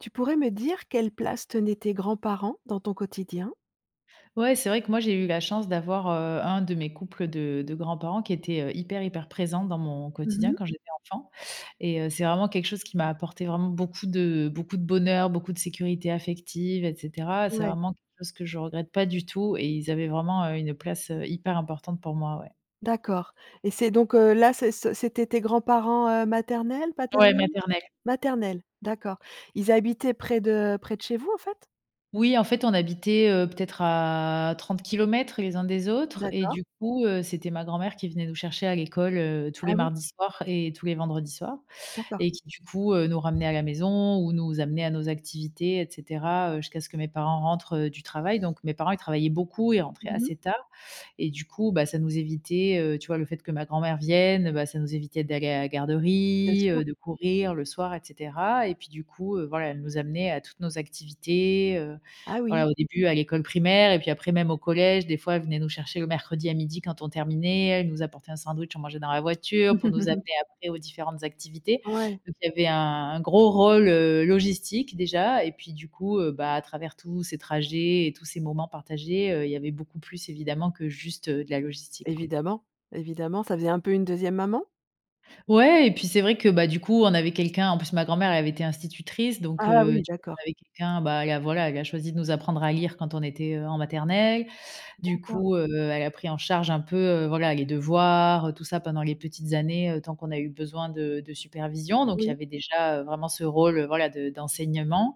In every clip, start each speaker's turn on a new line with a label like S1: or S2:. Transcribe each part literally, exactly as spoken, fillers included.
S1: Tu pourrais me dire quelle place tenaient tes grands-parents dans ton quotidien?
S2: Ouais, c'est vrai que moi j'ai eu la chance d'avoir, heu, un de mes couples de de grands-parents qui était, heu, hyper, hyper présent dans mon
S1: Mmh
S2: quotidien
S1: mh.
S2: quand j'étais enfant, et heu, c'est vraiment quelque chose qui m'a apporté vraiment beaucoup de beaucoup de bonheur, beaucoup de sécurité affective et cetera. C'est
S1: Ouais.
S2: vraiment quelque chose que je regrette pas du tout et ils avaient vraiment, heu, une place, heu, hyper importante pour moi, ouais.
S1: D'accord. Et c'est donc heu, là, c'é c c'étaient tes grands-parents, heu, maternels,
S2: Ouais,
S1: paternels?
S2: maternelle.
S1: Maternels, d'accord. Ils habitaient près de près de chez vous en fait?
S2: Oui, en fait, on habitait, heu, peut-être à trente kilomètres les uns des autres et
S1: D'accord.
S2: du coup, heu, c'était ma grand-mère qui venait nous chercher à l'école, heu, tous
S1: Ah
S2: les
S1: oui?
S2: mardis soirs et tous les vendredis soir
S1: D'accord.
S2: et qui du coup, heu, nous ramenait à la maison ou nous amenait à nos activités et cetera, heu, jusqu'à ce que mes parents rentrent, heu, du travail. Donc mes parents ils travaillaient beaucoup, ils rentraient
S1: Mmh mh.
S2: assez tard. Et du coup, bah, ça nous évitait heu, tu vois le fait que ma grand-mère vienne, bah, ça nous évitait d'aller à la
S1: Bien
S2: garderie,
S1: sûr.
S2: heu, de courir le soir et cetera. Et puis du coup, heu, voilà, elle nous amenait à toutes nos activités, heu.
S1: Ah oui.
S2: Voilà, au début à l'école primaire, et puis après même au collège, des fois elle venait nous chercher le mercredi à midi quand on terminait, elle nous apportait un sandwich on mangeait dans la voiture, pour nous amener après aux différentes activités.
S1: Ouais.
S2: Donc il y avait un un gros rôle, heu, logistique déjà et puis du coup, heu, bah, à travers tous ces trajets et tous ces moments partagés, heu, il y avait beaucoup plus évidemment que juste, heu, de la logistique quoi.
S1: Évidemment, évidemment ça faisait un peu une deuxième maman?
S2: Ouais et puis c'est vrai que, bah, du coup on avait quelqu'un en plus ma grand-mère avait été institutrice donc
S1: Ah
S2: heu,
S1: oui,
S2: tu [unintelligible]
S1: d'accord!
S2: avec quelqu'un, bah, elle à voilà elle a choisi de nous apprendre à lire quand on était, heu, en maternelle, du
S1: D'accord.
S2: coup, heu, elle a pris en charge un peu, heu, voilà les devoirs, heu, tout ça pendant les petites années, heu, tant qu'on a eu besoin de de supervision, donc il y
S1: Oui.
S2: avait déjà, heu, vraiment ce rôle voilà, de d'enseignement.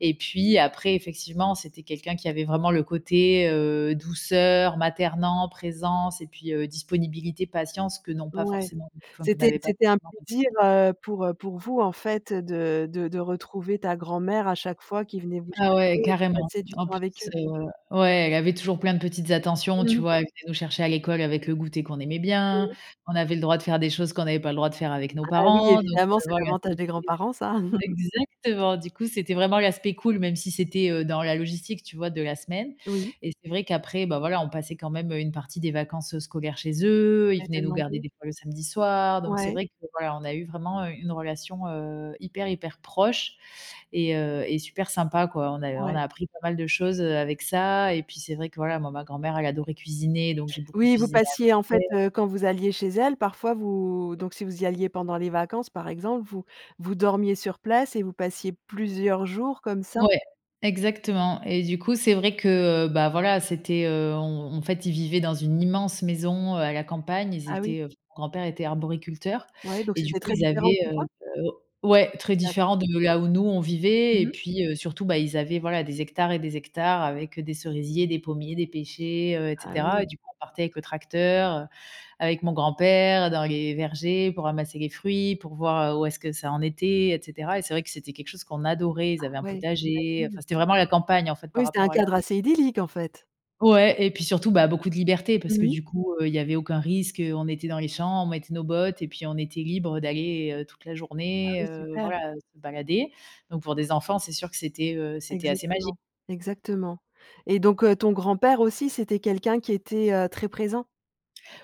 S2: Et puis, après, effectivement, c'était quelqu'un qui avait vraiment le côté, heu, douceur, maternant, présence et puis heu, disponibilité, patience que n'ont pas
S1: Ouais,
S2: forcément enfin que
S1: c'était
S2: n'avaient pas
S1: c'était un
S2: forcément mes
S1: plaisir,
S2: parents.
S1: heu, pour, heu, pour vous en fait de de de retrouver ta grand-mère à chaque fois qu'il venait vous
S2: Ah ouais,
S1: chercher et
S2: carrément,
S1: passer du
S2: en
S1: temps
S2: plus,
S1: avec eux.
S2: heu ouais, elle avait toujours plein de petites attentions,
S1: Mmh
S2: tu
S1: mh.
S2: vois? Elle venait nous chercher à l'école avec le goûter qu'on aimait bien.
S1: Mmh.
S2: On avait le droit de faire des choses qu'on n'avait pas le droit de faire avec nos
S1: Ah oui,
S2: parents. Donc
S1: évidemment
S2: heu,
S1: c'est
S2: voilà,
S1: l'avantage
S2: c'était
S1: des grands-parents ça!
S2: exactement, du coup, c'était vraiment l'aspect cool, même si c'était, heu, dans la logistique, tu vois, de la semaine.
S1: Oui.
S2: Et c'est vrai qu'après, bah, voilà, on passait quand même, heu, une partie des vacances, heu, scolaire chez eux. Ils
S1: Elle te
S2: venaient nous garder
S1: demandait.
S2: des fois le samedi soir. Donc c'est
S1: Ouais.
S2: vrai que voilà, on a eu vraiment, heu, une relation, heu, hyper, hyper proche et heu, et super sympa, quoi. On a on
S1: Ouais.
S2: a appris pas mal de choses, heu, avec ça. Et puis c'est vrai que voilà, moi, ma grand-mère elle adorait cuisiner donc j'ai beaucoup
S1: Oui, vous
S2: cuisiné avec
S1: passiez en fait,
S2: elle.
S1: heu, quand vous alliez chez elle parfois vous donc si vous alliez pendant les vacances, par exemple, vous vous dormiez sur place et vous passiez plusieurs jours comme ça?
S2: Ouais, exactement. Et du coup, c'est vrai que, heu, bah, voilà, c'était, heu, on en fait, ils vivaient dans une immense maison, heu, à la campagne, ils
S1: Ah oui?
S2: étaient, heu, mon grand-père était arboriculteur
S1: Ouais, donc
S2: et du
S1: c'était
S2: coup,
S1: très
S2: ils
S1: différent de
S2: avaient,
S1: chez toi?
S2: heu heu ouais, très
S1: D'accord.
S2: différent de là où nous, on
S1: Mmh
S2: vivait. Et
S1: mh.
S2: puis heu, surtout, bah, ils avaient voila des hectares et des hectares avec heu, des cerisiers, des pommiers, des pêchers, heu et
S1: Ah
S2: cetera.
S1: oui.
S2: Et du coup, on partait avec le tracteur, heu, avec mon grand-père dans les vergers pour ramasser les fruits, pour voir, heu, où est-ce que ça en était et cetera. Et c'est vrai que c'était quelque chose qu'on adorait,
S1: Ah
S2: ils avaient un
S1: ouais,
S2: potager,
S1: j'imagine.
S2: enfin c'était vraiment la campagne en fait, par
S1: Oui, c'est un
S2: rapport à la
S1: cadre
S2: où
S1: assez idyllique en fait?
S2: Ouais et puis surtout, bah, beaucoup de liberté parce
S1: Mmh
S2: que
S1: mh.
S2: du coup, heu, il y avait aucun risque, heu, on était dans les champs, on mettait nos bottes et puis on était libres d'aller toute la
S1: Ah
S2: journée,
S1: oui,
S2: heu,
S1: super.
S2: voilà, heu, se balader. Donc pour des enfants, c'est sûr que c'était, heu, c'était assez magi
S1: Exactement. Exactement. Et donc heu, ton grand-père aussi c'était quelqu'un qui était, heu, très présent?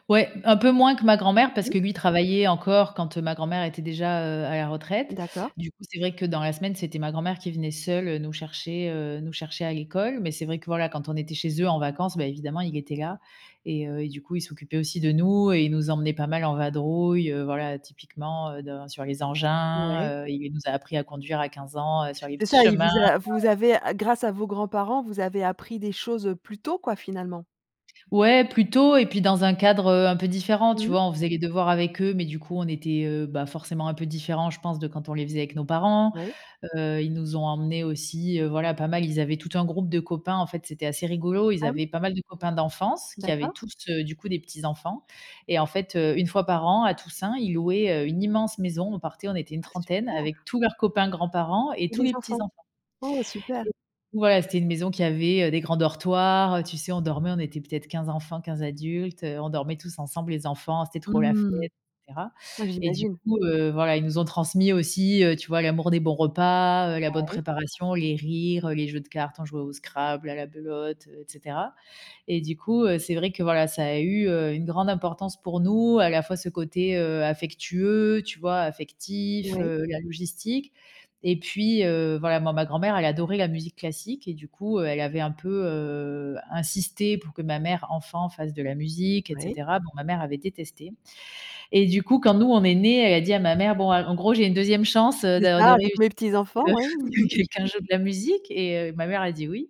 S2: Ouais, un peu moins que ma grand-mère parce
S1: Mmh.
S2: que lui il travaillait encore quand, heu, ma grand-mère était déjà, heu, à la retraite,
S1: D'accord.
S2: du coup, c'est vrai que dans la semaine, c'était ma grand-mère qui venait seule, heu, nous chercher, heu, nous chercher à l'école mais c'est vrai que, voilà, quand on était chez eux en vacances, bah, évidemment, il était là et heu, et du coup, il s'occupait aussi de nous et il nous emmenait pas mal en vadrouille, heu, voilà, typiquement, heu, dans sur les engins,
S1: Ouais.
S2: heu. Il nous a appris à conduire à quinze ans, heu, sur les
S1: C'est
S2: petits
S1: ça, il
S2: chemins.
S1: vous a vous avez a grâce à vos grands-parents, vous avez appris des choses, heu, plus tôt, quoi, finalement?
S2: Ouais, plus tôt et puis dans un cadre, heu, un peu différent, tu
S1: Mmh mh.
S2: vois, on faisait les devoirs avec eux mais du coup, on était, heu, bah, forcément, un peu différents, je pense, de quand on les faisait avec nos parents,
S1: Oui.
S2: heu, ils nous ont emmenés aussi, heu, voilà, pas mal ils avaient tout un groupe de copains, en fait, c'était assez rigolo. Ils
S1: Ah oui?
S2: avaient pas mal de copains d'enfance qui avaient
S1: D'accord.
S2: tous, heu, du coup, des petits enfants et en fait, heu, une fois par an à Toussaint, ils louaient, heu, une immense maison, on partait, on était une
S1: Ah,
S2: trentaine
S1: super!
S2: avec tous leurs copains, grands-parents et
S1: Et
S2: tous
S1: les
S2: les petits
S1: enfants?
S2: enfants
S1: Oh, super!
S2: et ouais, c'était une maison qui avait, heu, des grands dortoirs, heu, tu sais, on dormait, on était peut-être quinze enfants, quinze adultes, heu, on dormait tous ensemble, les enfants, c'était trop la fête
S1: Mmh.
S2: et cetera
S1: Ouais,
S2: et du
S1: j'imagine.
S2: coup, heu, voilà, ils nous ont transmis aussi, heu, tu vois, l'amour des bons repas, heu, la bonne
S1: Ouais.
S2: préparation, les rires, heu, les jeux de cartes, on jouait au scrabble, à la belote, heu et cetera. Et du coup, heu, c'est vrai que, voilà, ça a eu, heu, une grande importance pour nous, à la fois ce côté, heu, affectueux, tu vois, affectif,
S1: Ouais.
S2: heu, la logistique et puis, heu, voilà, moi, ma grand-mère, elle adorait la musique classique et du coup, heu, elle avait un peu, heu, insisté pour que ma mère, enfant, fasse de la musique et
S1: Oui.
S2: cetera. Bon, ma mère avait détesté et du coup, quand nous on est nés, elle dit à ma mère, bon, a en gros: «J'ai une deuxième chance, heu,
S1: C'est
S2: de de
S1: ça, avec
S2: réussir
S1: mes
S2: à
S1: petits
S2: ce
S1: enfants,
S2: que à
S1: oui.
S2: ce que quelqu'un joue de la musique» et heu, ma mère a dit: «Oui»,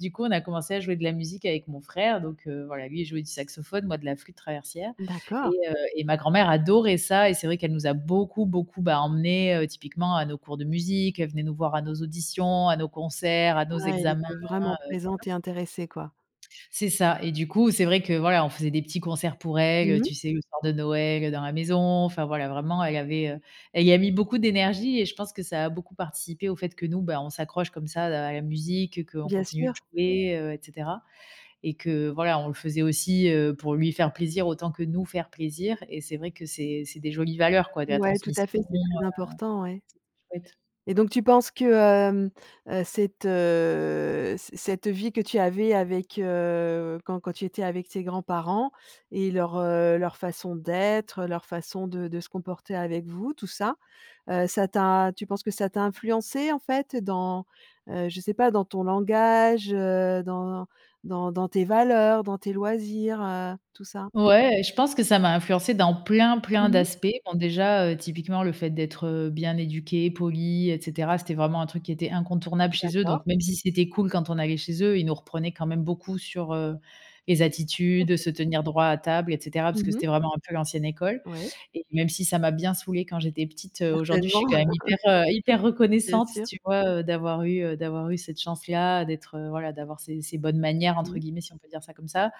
S2: du coup, on a commencé à jouer de la musique avec mon frère donc heu, voilà, lui, il jouait du saxophone, moi, de la flûte traversière
S1: D'accord.
S2: et heu et ma grand-mère adorait ça et c'est vrai qu'elle nous a beaucoup, beaucoup, bah, emmenés, heu, typiquement à nos cours de musique. Elle venait nous voir à nos auditions, à nos concerts, à nos
S1: Ouais, elle
S2: examens,
S1: était
S2: heu,
S1: vraiment
S2: voilà.
S1: présente et intéressée, quoi.
S2: C'est ça et du coup, c'est vrai que, voilà, on faisait des petits concerts pour elle,
S1: Mmh
S2: heu,
S1: mh.
S2: tu sais, le soir de Noël, heu, dans la maison, enfin, voilà, vraiment elle avait, heu, elle y a mis beaucoup d'énergie et je pense que ça a beaucoup participé au fait que nous, ben, on s'accroche comme ça à la musique, heu, qu'on
S1: Bien
S2: continue de
S1: sûr.
S2: jouer, heu, et cetera et que voilà, on le faisait aussi, heu, pour lui faire plaisir autant que nous faire plaisir et c'est vrai que c'est c'est des jolies valeurs, quoi, de la
S1: Ouais, tout à
S2: transmission,
S1: fait,
S2: heu,
S1: c'est très important, ouais
S2: c'était chouette.
S1: et donc tu penses que, hem, heu, cette, heu, ce cette vie que tu avais avec, heu, quand quand tu étais avec tes grands-parents et leur, heu, leur façon d'être, leur façon de de se comporter avec vous, tout ça, heu, ça t'a tu penses que ça t'a influencée, en fait, dans, heu, je sais pas dans ton langage, heu, dans dans dans tes valeurs, dans tes loisirs, heu, tout ça?
S2: Ouais et je pense que ça m'a influencé dans plein, plein
S1: Mmh mh.
S2: d'aspects. Bon, déjà, heu, typiquement le fait d'être, heu, bien éduquée, polie et cetera c'était vraiment un truc qui était incontournable chez eux
S1: D'accord.
S2: donc même si c'était cool quand on allait chez eux, ils nous reprenaient quand même beaucoup sur, heu, les attitudes,
S1: OK.
S2: se tenir droit à table et cetera parce que
S1: Mmh mh.
S2: c'était vraiment un peu l'ancienne école
S1: Ouais.
S2: et même si ça m'a bien saoulée quand j'étais petite,
S1: Certainement.
S2: heu, aujourd'hui, je suis quand même hyper, heu, hyper
S1: Bien
S2: reconnaissante,
S1: sûr.
S2: tu vois? Heu, d'avoir eu d'avoir eu, heu, cette chance-là, d'être, heu, voilà, d'avoir ces ces «bonnes manières» entre
S1: Mmh.
S2: guillemets, si on peut dire ça comme ça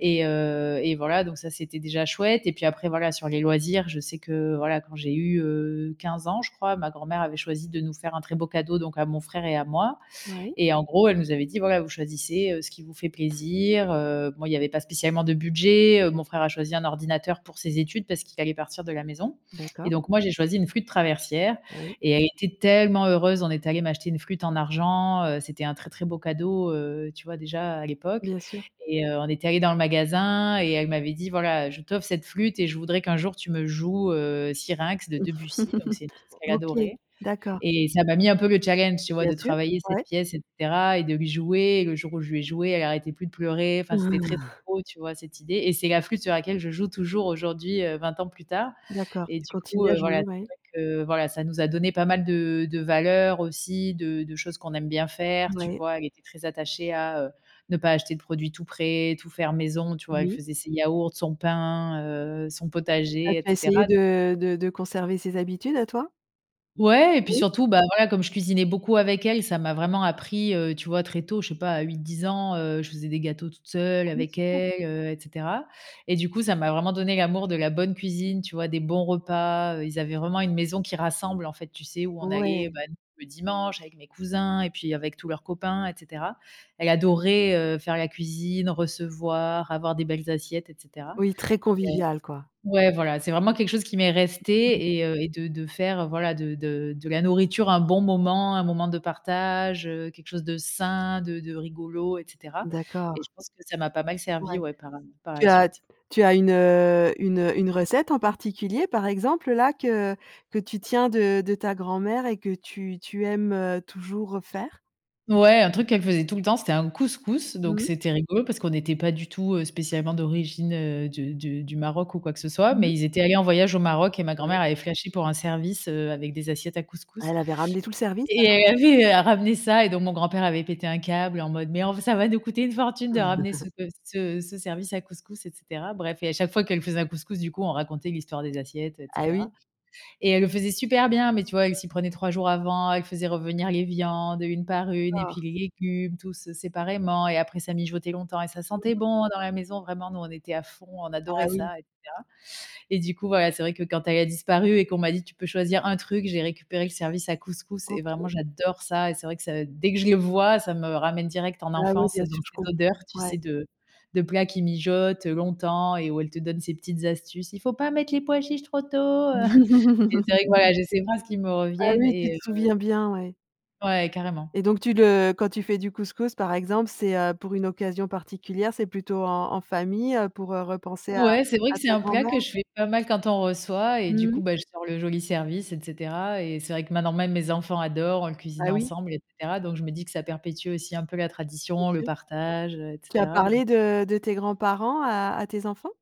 S2: et heu et voilà, donc ça c'était déjà chouette et puis après, voilà, sur les loisirs, je sais que, voilà, quand j'ai eu, heu, quinze ans, je crois, ma grand-mère avait choisi de nous faire un très beau cadeau donc à mon frère et à moi
S1: Moui.
S2: et en gros, elle nous avait dit: «Voilà, vous choisissez, heu, ce qui vous fait plaisir», heu, bon, il y avait pas spécialement de budget, heu, mon frère a choisi un ordinateur pour ses études parce qu'il allait partir de la maison et
S1: D'accord.
S2: donc moi, j'ai choisi une flûte traversière
S1: Oui.
S2: et elle était tellement heureuse. On est allé m'acheter une flûte en argent, heu, c'était un très, très beau cadeau, heu, tu vois, déjà à l'époque
S1: Bien sûr.
S2: et heu, on était allés dans le magasin et elle m'avait dit: «Voilà, heu, je t'offre cette flûte et je voudrais qu'un jour tu me joues, heu, Syrinx de Debussy», donc c'est une pièce qu'elle
S1: OK,
S2: adorait
S1: d'accord.
S2: et ça m'a mis un peu le challenge, tu vois?
S1: Bien
S2: De
S1: sûr,
S2: travailler cette
S1: ouais.
S2: pièce et cetera et de lui jouer et le jour où je lui ai jouée, elle arrêtait plus de pleurer, enfin, c'était très, très beau, tu vois, cette idée et c'est la flûte sur laquelle je joue toujours aujourd'hui, heu, vingt ans plus tard
S1: D'accord,
S2: et
S1: tu
S2: du coup
S1: continues à
S2: heu,
S1: jouer?
S2: voilà, c'est
S1: Ouais.
S2: vrai que voilà, ça nous a donné pas mal de de valeurs aussi, de de choses qu'on aime bien faire, tu
S1: Ouais.
S2: vois? Elle était très attachée à, heu, ne pas acheter de produits tout prêts, tout faire maison, tu vois? Elle
S1: Oui.
S2: faisait ses yaourts, son pain, heu, son
S1: C'est ça,
S2: potager et
S1: tu as
S2: cetera,
S1: essayé
S2: donc heu
S1: de de de conserver ces habitudes à toi?
S2: Ouais, et puis
S1: Oui.
S2: surtout, bah, voilà, comme je cuisinais beaucoup avec elle, ça m'a vraiment appris, heu, tu vois? Très tôt, je sais pas à huit-dix ans, heu, je faisais des gâteaux toute seule
S1: Ah oui,
S2: avec
S1: super.
S2: elle, heu, et cetera, et du coup, ça m'a vraiment donné l'amour de la bonne cuisine, tu vois? Des bons repas, heu, ils avaient vraiment une maison qui rassemble en fait, tu sais, où on allait,
S1: Ouais!
S2: bah, le dimanche avec mes cousins et puis avec tous leurs copains, et cetera. Elle adorait, heu, faire la cuisine, recevoir, avoir des belles assiettes, et cetera,
S1: Oui, très
S2: et heu
S1: convivial quoi.
S2: ouais, voilà, c'est vraiment quelque chose qui m'est resté et heu, et de de faire voilà, de de de la nourriture un bon moment, un moment de partage, heu, quelque chose de sain, de de rigolo, et cetera et
S1: D'accord.
S2: je pense que ça m'a pas mal servi,
S1: Ouais.
S2: ouais, par, hem, par
S1: Tu
S2: la
S1: as
S2: suite.
S1: tu as une, heu, une une recette en particulier, par exemple, là, que que tu tiens de de ta grand-mère et que tu tu aimes toujours refaire?
S2: Ouais, un truc qu'elle faisait tout le temps, c'était un couscous, donc
S1: Mmh mh.
S2: c'était rigolo, parce qu'on était pas du tout spécialement d'origine de de du Maroc ou quoi que ce soit,
S1: Mmh mh.
S2: mais ils étaient allés en voyage au Maroc et ma
S1: Ouais.
S2: grand-mère avait flashé pour un service, heu, avec des assiettes à
S1: Ah,
S2: couscous,
S1: elle avait ramené tout le service
S2: et
S1: alors, hein?
S2: elle avait ramené ça, et donc mon grand-père avait pété un câble en mode: «Mais enf ça va nous coûter une fortune de ramener ce pe ce ce service à couscous» et cetera. Bref, et à chaque fois qu'elle faisait un couscous, du coup, on racontait l'histoire des assiettes, et
S1: Ah,
S2: cetera,
S1: oui.
S2: et elle le faisait super bien, mais tu vois? Elle s'y prenait trois jours avant, elle faisait revenir les viandes une
S1: Oui,
S2: par une, et
S1: d'accord.
S2: puis les légumes, tous séparément, et après, ça mijotait longtemps et ça sentait bon dans la maison. Vraiment, nous, on était à fond, on
S1: Ah
S2: adorait
S1: oui.
S2: ça, et cetera, et du coup, voilà, c'est vrai que quand elle a disparu et qu'on m'a dit: «Tu peux choisir un truc» j'ai récupéré le service à couscous et vraiment,
S1: OK.
S2: j'adore ça, et c'est vrai que ça dès que je le vois, ça me ramène direct en
S1: Bah ouais,
S2: enfance,
S1: bien
S2: dans
S1: sûr, je
S2: ces
S1: comprends,
S2: odeurs, tu
S1: ouais.
S2: sais, de de plats qui mijotent longtemps et où elle te donne ses petites astuces: «Il faut pas mettre les pois chiches trop tôt», heu, et c'est vrai que voilà, j'ai ces phrases qui me
S1: Ah
S2: reviennent
S1: oui, tu te
S2: et heu
S1: souviens bien, ouais.
S2: Ouais, carrément.
S1: Et donc tu le quand tu fais du couscous, par exemple, c'est, heu, pour une occasion particulière? C'est plutôt en en famille, heu, pour repenser à
S2: Ouais, c'est vrai
S1: à
S2: que c'est
S1: ta
S2: un plat
S1: grand-mère?
S2: que je fais pas mal quand on reçoit et du
S1: Mmh mh.
S2: coup, bah, je sors le joli service, et cetera, et c'est vrai que maintenant, même mes enfants adorent, on le cuisine
S1: Ah oui.
S2: ensemble, et cetera, donc je me dis que ça perpétue aussi un peu la
S1: C'est
S2: tradition, le
S1: sûr.
S2: partage, et
S1: Tu as
S2: cetera, donc
S1: parlé de de tes grands-parents à à tes enfants?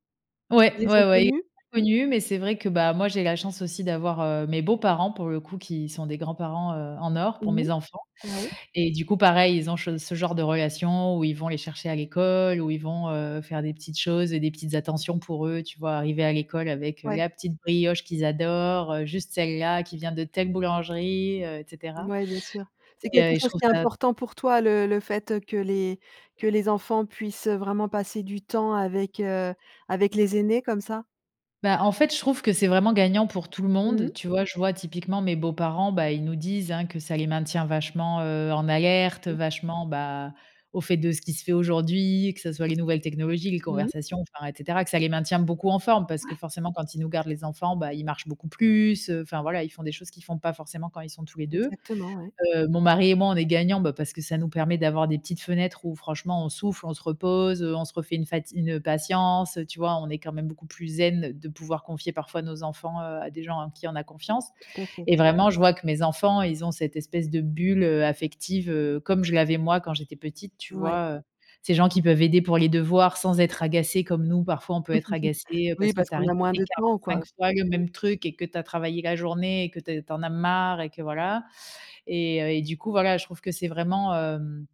S2: Ouais.
S1: Ils les
S2: Ouais,
S1: ont
S2: ouais, il l
S1: connus?
S2: pas connus, mais c'est vrai que moi j'ai la chance aussi d'avoir, heu, mes beaux-parents pour le coup, qui sont des grands-parents, heu, en or pour
S1: Mmh
S2: mes enfants,
S1: mh, ouais.
S2: et du coup pareil ils ont che ce genre de relation où ils vont les chercher à l'école, où ils vont, heu, faire des petites choses et des petites attentions pour eux, tu vois? Arriver à l'école avec, heu,
S1: Ouais.
S2: la petite brioche qu'ils adorent, heu, juste celle-là, qui vient de telle boulangerie, heu, et cetera,
S1: Mouais, bien sûr. C'est
S2: et
S1: quelque
S2: heu, et je
S1: chose
S2: trouve
S1: qui est
S2: ça
S1: important pour toi, le le fait que les que les enfants puissent vraiment passer du temps avec, heu, avec les aînés comme ça?
S2: Bah, en fait, je trouve que c'est vraiment gagnant pour tout le
S1: Mmh mh.
S2: monde. Tu vois, je vois typiquement mes beaux-parents, bah, ils nous disent, hein, que ça les maintient vachement, heu, en alerte
S1: Mmh.
S2: vachement, bah, aux faits de ce qui se fait aujourd'hui, que ça soit les nouvelles technologies, les
S1: Mmh mh.
S2: conversations, enfin et cetera, que ça les maintient beaucoup en forme parce que
S1: Ouais.
S2: forcément quand ils nous gardent les enfants, bah, ils marchent beaucoup plus, heu, enfin voilà, ils font des choses qu'ils font pas forcément quand ils sont tous les deux.
S1: Exactement, ouais.
S2: Heu, mon mari et moi, on est gagnants, bah, parce que ça nous permet d'avoir des petites fenêtres où franchement on souffle, on se repose, heu, on se refait une fati une patience. Tu vois, on est quand même beaucoup plus zen de pouvoir confier parfois nos enfants, heu, à des gens en qui on a confiance.
S1: Tout à fait.
S2: Et vraiment, je vois que mes enfants, ils ont cette espèce de bulle, heu, affective, heu, comme je l'avais moi quand j'étais petite, tu
S1: Ouais.
S2: vois? Heu, ces gens qui peuvent aider pour les devoirs sans être agacés, comme nous, parfois, on peut être agacés, heu,
S1: Oui,
S2: parce que
S1: parce
S2: tu as
S1: qu'on a moins
S2: répété
S1: de temps quoi,
S2: quarante fois le
S1: oui.
S2: même truc et que tu as travaillé la journée et que t tu en as marre et que voilà. Et heu, et du coup, voilà, je trouve que c'est vraiment hem,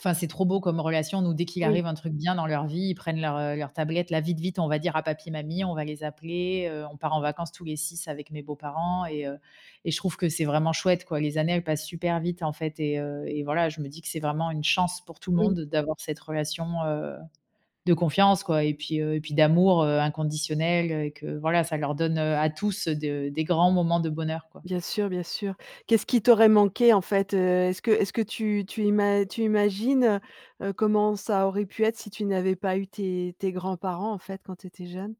S2: enfin c'est trop beau comme relation. Nous dès qu'il
S1: Oui.
S2: arrive un truc bien dans leur vie, ils prennent leur, heu, leur tablette, là: «Vite, vite on va dire à papi mamie, on va les appeler» heu, on part en vacances tous les six avec mes beaux-parents et heu, et je trouve que c'est vraiment chouette quoi. Les années elles passent super vite en fait et heu et voilà je me dis c'est vraiment une chance pour tout le
S1: Oui.
S2: monde d'avoir cette relation, heu, de confiance quoi et puis heu, et puis d'amour, heu, inconditionnel, heu et que voilà, ça leur donne, heu, à tous, heu, de des grands moments de bonheur quoi.
S1: Bien sûr, bien sûr. Qu'est-ce ce qui t'aurait manqué en fait, heu? Est-ce que est-ce que tu tu ima tu imagines, heu heu, comment ça aurait pu être si tu n'avais pas eu tes tes grands-parents, en fait, quand tu étais jeune?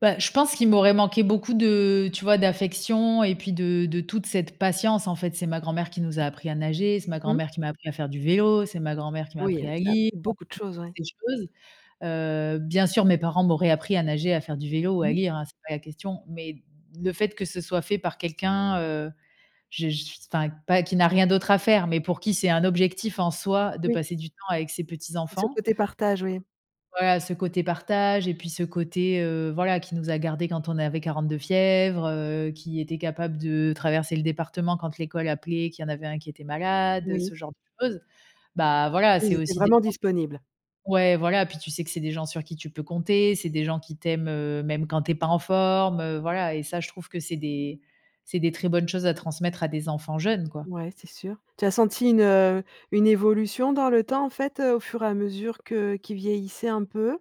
S2: Bah, je pense qu'il m'aurait manqué beaucoup de tu vois? D'affection et puis de de toute cette patience. En fait, c'est ma grand-mère qui nous a appris à nager, c'est ma
S1: Mmh mh.
S2: grand-mère qui m'a appris à faire du vélo, c'est ma grand-mère qui m'a
S1: Oui,
S2: appris
S1: elle
S2: à
S1: vous a
S2: lire,
S1: appris beaucoup de
S2: [unintelligible]
S1: choses, ouais.
S2: ces choses, heu, bien sûr, mes parents m'auraient appris à nager, à faire du vélo ou à
S1: Mmh.
S2: lire, hein, c'est pas la question, mais le fait que ce soit fait par quelqu'un, heu, je je suis enfin, pas qui n'a rien d'autre à faire, mais pour qui c'est un objectif, en soi, de
S1: Oui.
S2: passer du temps avec ses
S1: Et ce
S2: petits-enfants.
S1: côté partage, oui.
S2: Voilà, ce côté partage et puis ce côté, heu, voilà, qui nous a gardés quand on avait quarante de fièvre, heu, qui était capable de traverser le département quand l'école appelait, qu'il y en avait un qui était malade, heu,
S1: Oui.
S2: ce genre de choses. Bah, voilà,
S1: Oui, ils
S2: c'est
S1: étaient
S2: aussi des
S1: vraiment
S2: chances
S1: disponibles.
S2: ouais, voilà, puis, tu sais, que c'est des gens sur qui tu peux compter, c'est des gens qui t'aiment, heu, même quand tu es pas en forme, heu, voilà, et ça, je trouve que c'est des c'est des très bonnes choses à transmettre à des enfants jeunes, quoi.
S1: Ouais, c'est sûr. Tu as senti une, heu, une évolution dans le temps, en fait, heu, au fur et à mesure que qu'ils vieillissaient un peu?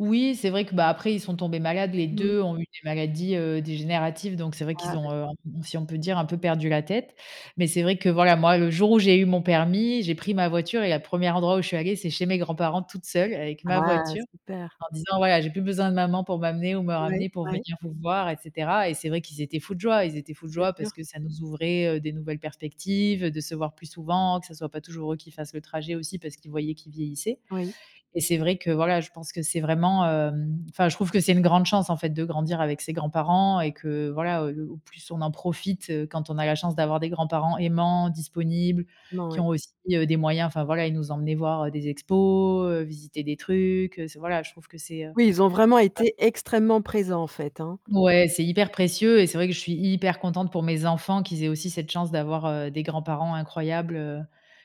S2: Oui, c'est vrai que, bah, après, ils sont tombés malades, les
S1: Mmh.
S2: deux ont eu des maladies, heu, dégénératives, donc c'est vrai qu'ils
S1: Ah,
S2: ont, heu,
S1: d'accord.
S2: on si on peut dire, un peu perdu la tête, mais c'est vrai que, voilà, moi, le jour où j'ai eu mon permis, j'ai pris ma voiture et la première endroit où je suis allée, c'est chez mes grands-parents toute seule avec ma
S1: Ah,
S2: voiture,
S1: super!
S2: en disant: «Voilà, j'ai plus besoin de maman pour m'amener ou me
S1: Ouais,
S2: ramener pour
S1: ouais.
S2: venir vous voir», et cetera, et c'est vrai qu'ils étaient fous de joie. Ils étaient fous de
S1: Bien
S2: joie parce
S1: sûr.
S2: que ça nous ouvrait, heu, des nouvelles perspectives, de se voir plus souvent, que ça soit pas toujours eux qui fassent le trajet aussi, parce qu'ils voyaient qu'ils vieillissaient,
S1: Oui.
S2: et c'est vrai que, voilà, je pense que c'est vraiment, hem, enfin, je trouve que c'est une grande chance, en fait, de grandir avec ses grands-parents et que, voilà, heu, au plus on en profite, heu, quand on a la chance d'avoir des grands-parents aimants, disponibles,
S1: Non,
S2: qui
S1: ouais.
S2: ont aussi, heu, des moyens, enfin voilà, ils nous emmenaient voir, heu, des expos, heu, visiter des trucs, heu, c'est, voilà, je trouve que c'est, heu
S1: Oui, ils ont vraiment
S2: [unintelligible]
S1: été extrêmement présents, en fait, hein.
S2: Ouais, c'est hyper précieux, et c'est vrai que je suis hyper contente pour mes enfants qu'ils aient aussi cette chance d'avoir, heu, des grands-parents incroyables, heu,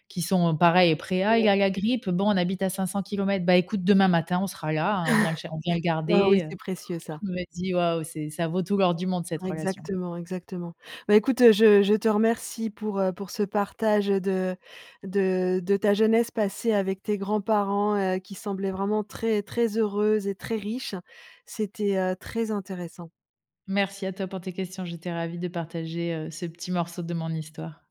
S2: qui sont pareils, prêts: «Ah, il
S1: Ouais.
S2: a la grippe, bon, on habite à cinq-cents kilomètres, bah, écoute, demain matin on sera là, hein, on vient le cher on vient le
S1: Bah oui,
S2: garder, heu».
S1: c'est précieux ça.
S2: Je me dis: «Waouh! C'est ça vaut tout l'or du monde, cette
S1: Ah
S2: relation!».
S1: exactement, exactement. Bah, écoute, heu, je je te remercie pour, heu, pour ce partage, heu, de de de ta jeunesse passée avec tes grands-parents, heu, qui semblait vraiment très, très heureuse et très riche. C'était, heu, très intéressant.
S2: Merci à toi pour tes questions, j'étais ravie de partager, heu, ce petit morceau de mon histoire.